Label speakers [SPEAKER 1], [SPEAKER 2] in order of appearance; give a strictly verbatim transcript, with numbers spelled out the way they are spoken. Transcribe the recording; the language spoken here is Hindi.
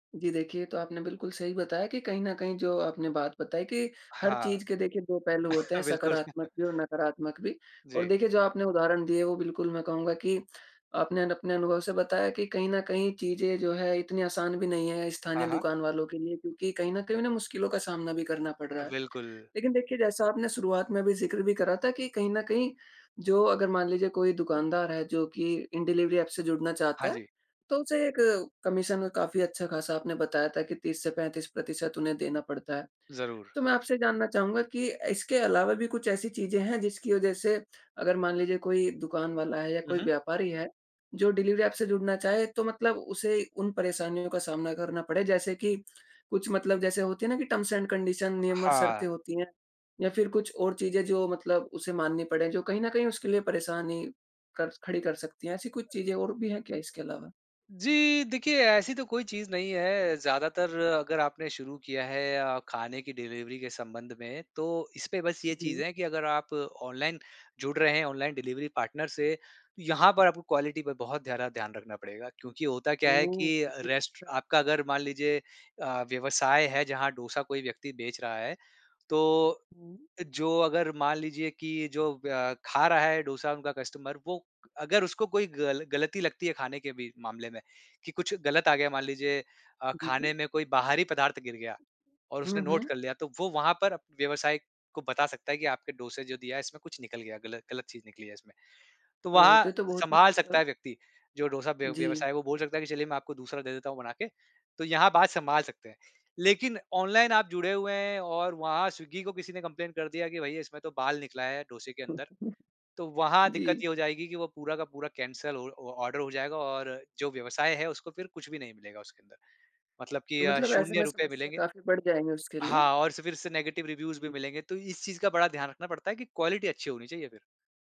[SPEAKER 1] जी देखिए, ये तो आपने बिल्कुल सही बताया कि कहीं न कहीं जो आपने बात बताई कि हर
[SPEAKER 2] हाँ।
[SPEAKER 1] चीज़ के देखिए दो पहलू होते हैं
[SPEAKER 2] बिल्कुल।
[SPEAKER 1] सकारात्मक भी और नकारात्मक भी। और
[SPEAKER 2] जी।
[SPEAKER 1] देखिए जो आपने उदाहरण दिए वो बिल्कुल मैं कहूँगा कि आपने न अपने अनुभव से बताया कि कहीं न कहीं चीज़ें जो है इतनी आसान भी नहीं है स्थानीय
[SPEAKER 2] हाँ, हाँ।
[SPEAKER 1] दुकान वालों के लिए क्योंकि कहीं न कहीं उन्हें मुश्किलों का सामना भी करना पड़
[SPEAKER 2] अ,
[SPEAKER 1] रहा है।
[SPEAKER 2] बिल्कुल।
[SPEAKER 1] लेक़िन देखिए जैसा आपने शुरुआत में भी ज़िक्र भी करा था कि कहीं न कहीं जो अगर मान लीजिए कोई दुकानदार है जो कि इन डिलिवरी एप से जुड़ना चाहता
[SPEAKER 2] हाँ
[SPEAKER 1] है
[SPEAKER 2] जी।
[SPEAKER 1] तो उसे एक कमीशन काफ़ी अच्छा-खासा आपने बताया था कि तीस से पैंतीस प्रतिशत उन्हें देना पड़ता है।
[SPEAKER 2] ज़रूर।
[SPEAKER 1] तो मैं आपसे जानना चाहूँगा की इसके अलावा भी कुछ ऐसी चीज़ें हैं जिसकी वजह से अगर मान लीजिए कोई दुकान वाला है या कोई
[SPEAKER 2] उहुँ।
[SPEAKER 1] व्यापारी है जो डिलिवरी ऐप जुड़ना चाहे तो मतलब उसे उन परेशानियों का सामना करना पड़े जैसे कि कुछ मतलब जैसे होती है ना कि टर्म्स एंड कंडीशन नियम और
[SPEAKER 2] हाँ।
[SPEAKER 1] शर्तें होती हैं या फ़िर कुछ और चीज़ें जो मतलब उसे माननी पड़े जो कहीं न कहीं उसके लिए परेशानी कर खड़ी कर सकती है ऐसी कुछ चीज़ें और भी है क्या इसके अलावा?
[SPEAKER 2] जी, देखिए ऐसी तो कोई चीज़ नहीं है ज़्यादातर अगर आपने शुरू किया है अ, ख़ाने की डिलिवरी के संबंध में तो इसपे बस ये
[SPEAKER 1] जी।
[SPEAKER 2] चीज़ है कि अगर आप ऑनलाइन जुड़ रहे हैं ऑनलाइन डिलिवरी पार्टनर से तो यहाँ पर आपको क्वालिटी पर बहुत ज़्यादा ध्यान रखना पड़ेगा क्योंकि होता क्या है
[SPEAKER 1] ओह!
[SPEAKER 2] कि
[SPEAKER 1] जी
[SPEAKER 2] रेस्ट
[SPEAKER 1] अच्छा।
[SPEAKER 2] आपका अगर मान लीजिए अ, व्यवसाय है जहाँ डोसा कोई व्यक्ति बेच रहा है तो,
[SPEAKER 1] हुँ।
[SPEAKER 2] जो अगर मान लीजिए की अ, जो ख़ा रहा है डोसा उनका कस्टमर वो अगर उसको कोई ग़ल ग़लती लगती है ख़ाने के भी मामले में कि कुछ ग़लत आ गया मान लीजिए अ,
[SPEAKER 1] जी।
[SPEAKER 2] खाने में कोई बाहरी पदार्थ गिर गया और
[SPEAKER 1] हुँ,
[SPEAKER 2] उसने नोट
[SPEAKER 1] हुँ।
[SPEAKER 2] कर लिया तो वो वहाँ पर व्यवसाय को बता सकता है कि आपके डोसा जो दिया है इसमें कुछ निकल गया ग़लत ग़लत चीज़ निकली है इसमें। तो वहाँ
[SPEAKER 1] होते तो बहुत ही
[SPEAKER 2] संभाल सकता
[SPEAKER 1] मतलब
[SPEAKER 2] है व्यक्ति जो डोसा व्यव
[SPEAKER 1] जी।
[SPEAKER 2] व्यवसाय है वो बोल सकता है कि चलिए मैं आपको दूसरा दे देता हूँ बना के। तो यहाँ बात संभाल सकते हैं। लेक़िन ऑनलाइन आप जुड़े हुए हैं और वहाँ स्विग्गी को किसी ने कंप्लेंट कर दिया कि भई इसमें तो बाल निकला है डोसे के अंदर
[SPEAKER 1] [unintelligible]
[SPEAKER 2] तो वहाँ दिक़्क़त
[SPEAKER 1] जी।
[SPEAKER 2] ये हो जाएगी कि वो पूरा का पूरा कैंसल ऑ ऑर्डर हो जाएगा और जो व्यवसाय है उसको फ़िर कुछ भी नहीं मिलेगा उसके अंदर। मतलब कि
[SPEAKER 1] तो
[SPEAKER 2] अ,
[SPEAKER 1] मतलब ऐसे
[SPEAKER 2] शून्य
[SPEAKER 1] में
[SPEAKER 2] रुपए
[SPEAKER 1] समस्या
[SPEAKER 2] मिलेंगे।
[SPEAKER 1] काफ़ी बढ़ जाएगी उसके लिए।
[SPEAKER 2] हाँ और स फ़िर से नेगेटिव रिव्यूज़ भी
[SPEAKER 1] जी।
[SPEAKER 2] मिलेंगे तो इस चीज़ का बड़ा ध्यान रखना पड़ता है कि क्वालिटी अच्छी होनी चाहिए फ़िर।